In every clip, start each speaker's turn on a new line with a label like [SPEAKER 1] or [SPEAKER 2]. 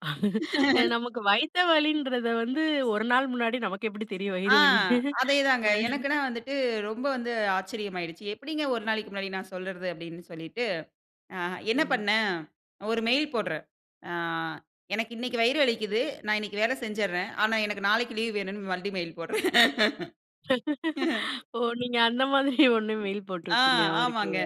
[SPEAKER 1] நமக்கு வயித்த வலின்றத வந்து ஒரு நாள் முன்னாடி நமக்கு எப்பிடி தெரியும்?
[SPEAKER 2] ஆ,
[SPEAKER 1] வயிறு வலின்னு,
[SPEAKER 2] அதே தாங்க.
[SPEAKER 1] அ.
[SPEAKER 2] எனக்குன்னு வந்துட்டு ரொம்ப வந்து ஆச்சரியமாயிடுச்சு. எப்பிடிங்க ஒரு நாளைக்கி முன்னாடி நான் சொல்றது அப்பிடின்னு சொல்லிட்டு, ஆ என்ன
[SPEAKER 1] ம்.
[SPEAKER 2] பண்ணேன் ஒரு மெயில் போட்றேன். ஆ "எனக்கு இன்னக்கி வயிறு வலிக்கிது. நான் இன்னக்கி வேல செஞ்சிர்றேன். ஆனா எனக்கு நாளைக்கி லீவ் வேணுன்னு." மறுபடியும் மெயில் போட்றேன்.
[SPEAKER 1] ஓ! நீங்க அந்த மாதிரி ஒன்னு மெயில் போட்டு
[SPEAKER 2] ஆ
[SPEAKER 1] விட்டீங்க அவருக்கு.
[SPEAKER 2] ஆமாங்க.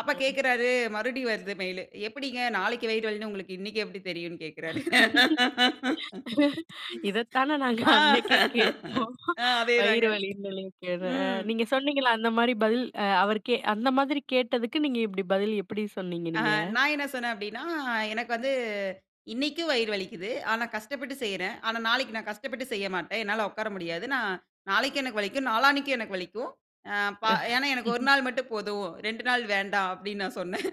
[SPEAKER 2] அப்ப
[SPEAKER 1] அ
[SPEAKER 2] கேட்கிறாரு, மறுபடியும் வருது மெயிலு. எப்பிடிங்க நாளைக்கி வயிறு வலின்னு உங்களுக்கு இன்னக்கே எப்பிடி தெரியுன்னு கேட்கிறாரு.
[SPEAKER 1] இதத்தான நாங்க
[SPEAKER 2] ஆ,
[SPEAKER 1] அன்னக்கே கேட்டோம்.
[SPEAKER 2] ஆ. அதே தாங்க.
[SPEAKER 1] வயிறு வலின்னு [unintelligible]
[SPEAKER 2] ம்.
[SPEAKER 1] நீங்க சொன்னீங்கள்ல அந்தமாரி பதில் அ அவருக்கே அந்த மாதிரி கேட்டதுக்கு நீங்க இப்பிடி பதில் எப்பிடி சொன்னீங்க
[SPEAKER 2] ஆ
[SPEAKER 1] நீங்க?
[SPEAKER 2] நான் என்ன சொன்னேன் அப்பிடின்னா, "எனக்கு வந்து இன்னக்கும் வயிறு வலிக்குது. ஆனா கஷ்டப்பட்டு செய்றேன். ஆனா நாளைக்கி நான் கஷ்டப்பட்டு செய்ய மாட்டேன். என்னால உட்கார முடியாது. நான் நாளைக்கி எனக்கு வலிக்கும். நாளானக்கு எனக்கு வலிக்கும். ஆ ப ஏன்னா எனக்கு 1 நாள் மட்டும் போதும். 2 நாள் வேண்டாம்." அப்பிடின்னு நான் சொன்னேன்.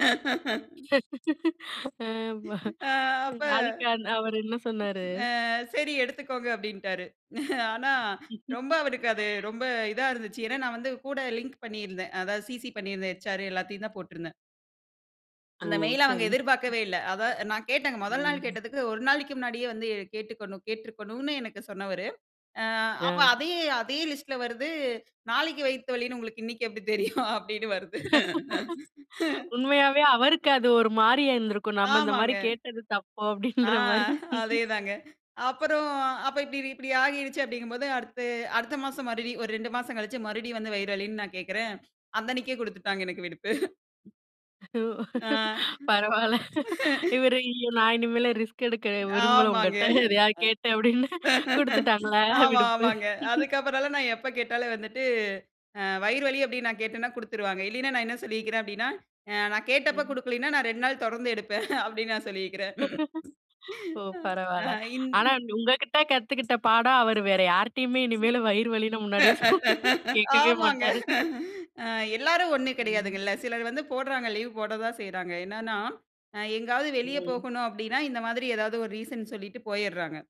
[SPEAKER 1] அ ஆமா,
[SPEAKER 2] அ
[SPEAKER 1] அ
[SPEAKER 2] அப்ப
[SPEAKER 1] அதுக்கு அந்த அவரு என்ன சொன்னாரு?
[SPEAKER 2] "ஆ சரி எடுத்துக்கோங்க." அப்பிடின்னுட்டாரு. ஆனா ரொம்ப அவருக்கு அது ரொம்ப இதா இருந்துச்சு. ஏன்னா, நான் வந்து கூட லிங்க் பண்ணிருந்தேன். அதாவது சிசி பண்ணிருந்தேன் ஹெச் ஆர் எல்லாத்தையும் தான் போட்டு இருந்தேன்.
[SPEAKER 1] ஓ!
[SPEAKER 2] அந்த மெயில அ அவுங்க
[SPEAKER 1] சரி.
[SPEAKER 2] எதிர்பார்க்கவே இல்ல. அத நான் கேட்டேங்க, முதல் நாள்
[SPEAKER 1] ம்.
[SPEAKER 2] கேட்டதுக்கு ஒரு நாளைக்கி முன்னாடியே வந்து கேட்டுக்கொண் கேட்டுருக்கணுன்னு எனக்கு சொன்னவரு, ஆ அப்ப
[SPEAKER 1] ஆ.
[SPEAKER 2] அதே அதே லிஸ்ட்ல வருது. நாளைக்கு வயித்த வலின்னு உங்களுக்கு இன்னக்கி எப்பிடி தெரியும்? அப்பிடின்னு வருது.
[SPEAKER 1] உண்மையாவே அவருக்கு அது ஒருமாரியா இருந்திருக்கும். நம்ம
[SPEAKER 2] ஆமாங்க.
[SPEAKER 1] இந்தமாரி கேட்டது தப்பு
[SPEAKER 2] ஆ
[SPEAKER 1] அப்பிடின்றமாரி.
[SPEAKER 2] அதே தாங்க. அப்பறம் அப்ப இப்பிடி இப்பிடி ஆகிருச்சு அப்பிடிங்கம்போது அடுத்த அடுத்த மாசம் மறுபடியும் ஒரு 2 மாசம் கழிச்சு மறுபடியும் வந்து வயிறு வலின்னு நான் கேட்கிறேன். அந்த அன்னக்கே கொடுத்துட்டாங்க எனக்கு விடுப்பு.
[SPEAKER 1] ஒ,
[SPEAKER 2] ஆ.
[SPEAKER 1] பரவால்ல. இவரு ஐயோ! நான் இனிமேல் ரிஸ்க் எடுக்க விரும்பல
[SPEAKER 2] ஆமாங்க.
[SPEAKER 1] உங்கட்ட. எதையாவது கேட்டேன் அப்பிடின்னு கொடுத்துட்டாங்களா!
[SPEAKER 2] ஆமா,
[SPEAKER 1] விடுப்பு.
[SPEAKER 2] ஆமாங்க. அதுக்கப்பறன்லாம் நான் எப்போ கேட்டாலும் வந்துட்டு அ வயிறு வலி அப்பிடின்னு நான் கேட்டன்னா, கொடுத்துருவாங்க. இல்லயின்னா நான் என்ன சொல்லிருக்கிறேன் அப்பிடின்னா, அ நான் கேட்டப்போ
[SPEAKER 1] ம்.
[SPEAKER 2] கொடுக்கலன்னா, நான் 2 நாள் தொடர்ந்து எடுப்பேன், அப்பிடின்னு நான் சொல்லியிருக்கிறேன்.
[SPEAKER 1] ஓ!
[SPEAKER 2] ஆ
[SPEAKER 1] பரவால்ல.
[SPEAKER 2] இந்
[SPEAKER 1] ஆனா உங்ககிட்ட கத்துக்கிட்ட பாடம் அவரு வேற யார்கிட்டயுமே இனிமேலு வயிறு வலின்னு முன்னாடியே சொன் கேட்கவே
[SPEAKER 2] ஆமாங்க.
[SPEAKER 1] மாட்டாரு.
[SPEAKER 2] ஆ எல்லாரும் ஒன்னு
[SPEAKER 1] ம்.
[SPEAKER 2] கிடையாதுங்கல்ல. சிலர் வந்து போடுறாங்க லீவ் போட தான் செய்றாங்க. என்னன்னா, அ எங்கேயாவது வெளிய
[SPEAKER 1] ம்.
[SPEAKER 2] போகணும் அப்பிடின்னா இந்த மாதிரி எதாவது ஒரு ரீசன் சொல்லிட்டு போயிட்றாங்க.